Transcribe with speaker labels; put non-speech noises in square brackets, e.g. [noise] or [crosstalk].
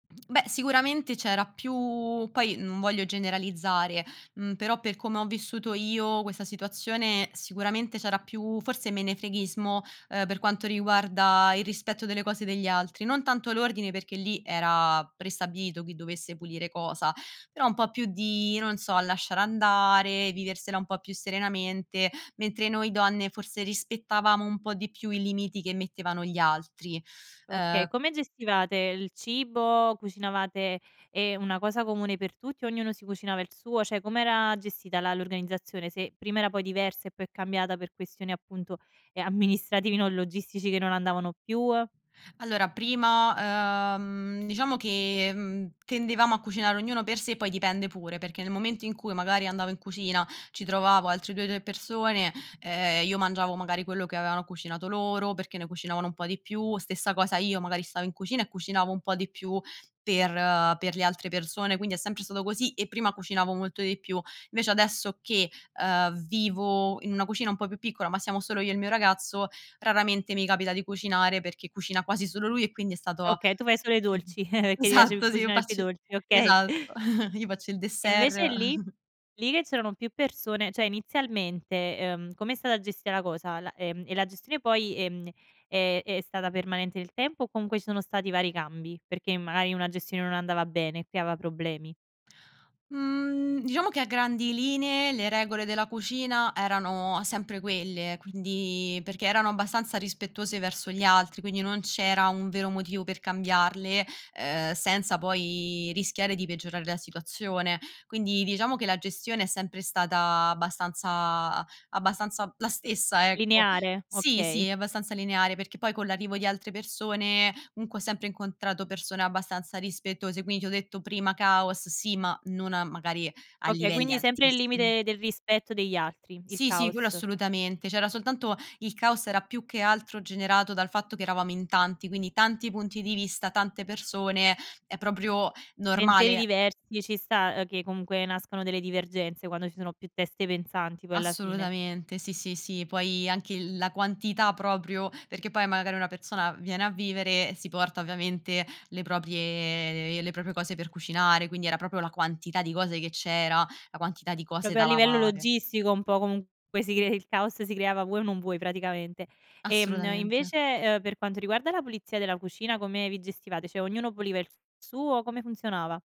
Speaker 1: Beh sicuramente c'era più poi, non voglio generalizzare, mhmm, però per come ho vissuto io questa situazione, sicuramente c'era più forse menefreghismo, uhm, per quanto riguarda il rispetto delle cose degli altri, non tanto l'ordine perché lì era prestabilito chi dovesse pulire cosa, però un po' più di, non so, lasciar andare, viversela un po' più serenamente, mentre noi donne forse rispettavamo un po' di più i limiti che mettevano gli altri.
Speaker 2: Okay,
Speaker 1: Uhm
Speaker 2: come gestivate il cibo? Cucinavate, ehm, una cosa comune per tutti? Ognuno si cucinava il suo? Cioè com'era gestita la l'organizzazione? Se prima era poi diversa e poi è cambiata per questioni appunto, ehm, amministrativi non logistici che non andavano più, uhm
Speaker 1: Allora prima, uhm, diciamo che, mhmm, tendevamo a cucinare ognuno per sé poi dipende pure, perché nel momento in cui magari andavo in cucina, ci trovavo altre 2, 3 persone, ehm, io mangiavo magari quello che avevano cucinato loro perché ne cucinavano un po' di più. Stessa cosa io, magari stavo in cucina e cucinavo un po' di più per per le altre persone, quindi è sempre stato così e prima cucinavo molto di più. Invece adesso che, uhm, vivo in una cucina un po' più piccola, ma siamo solo io e il mio ragazzo, raramente mi capita di cucinare, perché cucina quasi solo lui e quindi è stato
Speaker 2: Okay, tu fai solo i dolci, [chuckles]
Speaker 1: [coughs]
Speaker 2: perché ti piace cu
Speaker 1: esatto, sì, io
Speaker 2: cucinare più i
Speaker 1: facci
Speaker 2: dolci, okay.
Speaker 1: esatto, [chuckles] io faccio il
Speaker 2: E
Speaker 1: dessert.
Speaker 2: invece lì?
Speaker 1: [chuckles]
Speaker 2: Lì che c'erano più persone, cioè inizialmente, ehm, come è stata gestita la cosa? La, ehm, e la gestione poi, ehm, è è stata permanente nel tempo o comunque ci sono stati vari cambi? Perché magari una gestione non andava bene e creava problemi.
Speaker 1: Mhmm, diciamo che a grandi linee le regole della cucina erano sempre quelle, quindi perché erano abbastanza rispettose verso gli altri, quindi non c'era un vero motivo per cambiarle, uhm, senza poi rischiare di peggiorare la situazione. Quindi diciamo che la gestione è sempre stata abbastanza abbastanza la stessa, ecco.
Speaker 2: Lineare,
Speaker 1: Sì,
Speaker 2: okay.
Speaker 1: sì, abbastanza lineare perché poi, con l'arrivo di altre persone, comunque ho sempre incontrato persone abbastanza rispettose, quindi ti ho detto prima caos, sì, ma non a magari a
Speaker 2: Okay,
Speaker 1: livelli
Speaker 2: quindi sempre nel
Speaker 1: altissimi.
Speaker 2: limite del rispetto degli altri, il
Speaker 1: Sì, sì, quello
Speaker 2: caos.
Speaker 1: assolutamente. C'era soltanto il caos era più che altro generato dal fatto che eravamo in tanti, quindi tanti punti di vista, tante persone, è proprio
Speaker 2: Pensieri
Speaker 1: normale.
Speaker 2: diversi, ci sta, ehm, che comunque nascono delle divergenze quando ci sono più teste pensanti poi alla fine.
Speaker 1: Assolutamente, sì, sì, sì, poi anche il la quantità proprio perché poi magari una persona viene a vivere, si porta ovviamente le proprie le proprie cose per cucinare, quindi era proprio la quantità di cose che c'era, la quantità di cose
Speaker 2: Proprio a
Speaker 1: da
Speaker 2: livello
Speaker 1: lavare.
Speaker 2: logistico un po' comunque si cre il caos si creava vuoi o non vuoi praticamente. Ehm,
Speaker 1: Assolutamente.
Speaker 2: invece, ehm, per quanto riguarda la pulizia della cucina come vi gestivate? Cioè ognuno puliva il s suo, come funzionava?